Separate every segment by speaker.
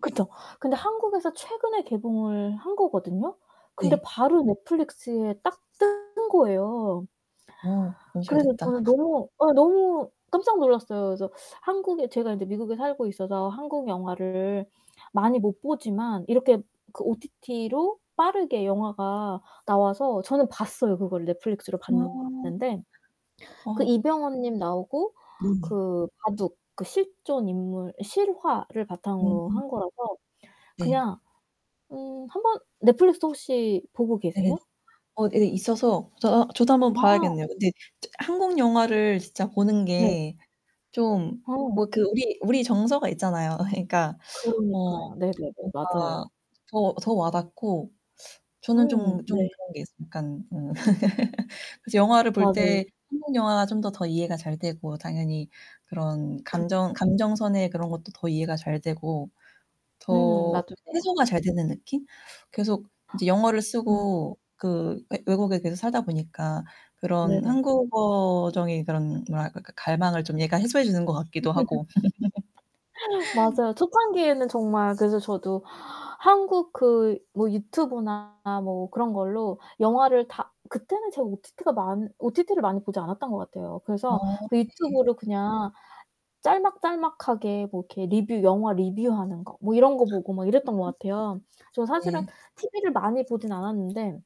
Speaker 1: 그쵸. 근데 한국에서 최근에 개봉을 한 거거든요. 근데
Speaker 2: 네.
Speaker 1: 바로 넷플릭스에 딱 뜨는 거예요.
Speaker 2: 어 너무 잘
Speaker 1: 그래서
Speaker 2: 됐다.
Speaker 1: 저는 너무 예 너무 깜짝 놀랐어요. 그래서 한국에 제가 이제 미국에 살고 있어서 한국 영화를 많이 못 보지만 이렇게 그 OTT로 빠르게 영화가 나와서 저는 봤어요 그거를 넷플릭스로
Speaker 2: 우와.
Speaker 1: 봤는데 그
Speaker 2: 어.
Speaker 1: 이병헌 님 나오고
Speaker 2: 네.
Speaker 1: 그 바둑 그 실존 인물 실화를 바탕으로
Speaker 2: 음.
Speaker 1: 한 거라서
Speaker 2: 네.
Speaker 1: 그냥 음 1 번 넷플릭스 혹시 보고
Speaker 2: 네네네.
Speaker 1: 계세요?
Speaker 2: 어 예 있어서 저 아 저도 한번
Speaker 1: 아.
Speaker 2: 봐야겠네요. 근데 저 한국영화를 진짜
Speaker 1: 네.
Speaker 2: 보는게 좀
Speaker 1: 어.
Speaker 2: 뭐 그 우리 우리 정서가 있잖아요. 그러니까 어
Speaker 1: 그러니까요. 네네네
Speaker 2: 뭔가
Speaker 1: 맞아요.
Speaker 2: 더 더 와닿고 저는 좀
Speaker 1: 음
Speaker 2: 좀
Speaker 1: 네.
Speaker 2: 그런게 있어 약간 음 그래서 영화를 볼
Speaker 1: 맞아요.
Speaker 2: 때 한국 영화가 좀 더 이해가 잘 되고 당연히 그런 감정
Speaker 1: 그렇죠.
Speaker 2: 감정선의 그런 것도 더 이해가 잘 되고
Speaker 1: 음
Speaker 2: 더
Speaker 1: 나도. [unintelligible]
Speaker 2: 해소가 잘 되는 느낌? 계속 이제 영어를
Speaker 1: 음.
Speaker 2: 쓰고 그 외 외국에 계속 살다보니까 그런
Speaker 1: 네네.
Speaker 2: 한국어적인 그런 뭐랄까 그 갈망을 좀 얘가 해소해 주는 것 같기도 하고
Speaker 1: 맞아요, 초창기에는 정말 그래서 저도 한국 그 뭐 유튜브나 뭐 그런 걸로 영화를 다 그때는 제가 OTT가 많 OTT를 많이 보지 않았던 것 같아요. 그래서
Speaker 2: 어
Speaker 1: 그
Speaker 2: 네.
Speaker 1: 유튜브를 그냥 짤막짤막하게 뭐 이렇게 리뷰 영화 리뷰하는 거 뭐 이런 거 보고 막 이랬던 것 같아요. 저
Speaker 2: [unintelligible]
Speaker 1: 사실은
Speaker 2: 네.
Speaker 1: TV를 많이 보지는 않았는데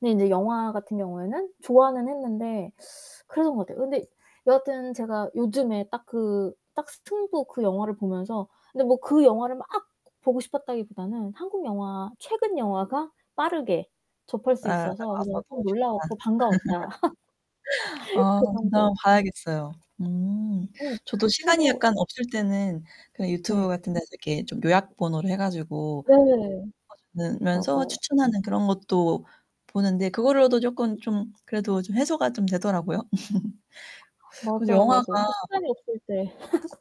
Speaker 1: 근데 인제 영화 같은 경우에는 좋아는 했는데 그래서 그런 것 같아요. 근데 여하튼 제가 요즘에 딱 그 딱 스팅부 그 영화를 보면서 근데 뭐 그 영화를 막 보고 싶었다기보다는 한국 영화 최근 영화가 빠르게 접할
Speaker 2: 아
Speaker 1: 수 있어서 그냥
Speaker 2: 나와서 너무
Speaker 1: 좀
Speaker 2: 좋다.
Speaker 1: 놀라웠고 반가웠다.
Speaker 2: 아
Speaker 1: 그
Speaker 2: [unintelligible] 한번
Speaker 1: 정도.
Speaker 2: 봐야겠어요. 음.
Speaker 1: 응,
Speaker 2: 저도
Speaker 1: 근데
Speaker 2: 시간이
Speaker 1: 뭐
Speaker 2: 약간 없을 때는 그냥 유튜브
Speaker 1: 네.
Speaker 2: 같은 데서 이렇게 좀 요약본으로 해 가지고
Speaker 1: 네.
Speaker 2: [unintelligible] 주는 면서
Speaker 1: 맞아요.
Speaker 2: 추천하는 그런 것도 보는데 그거로도 조끔 좀 그래도 좀 해소가 좀 되더라고요. 그래서
Speaker 1: 맞아요, 맞아요.
Speaker 2: 영화가
Speaker 1: 또 시간이 없을 때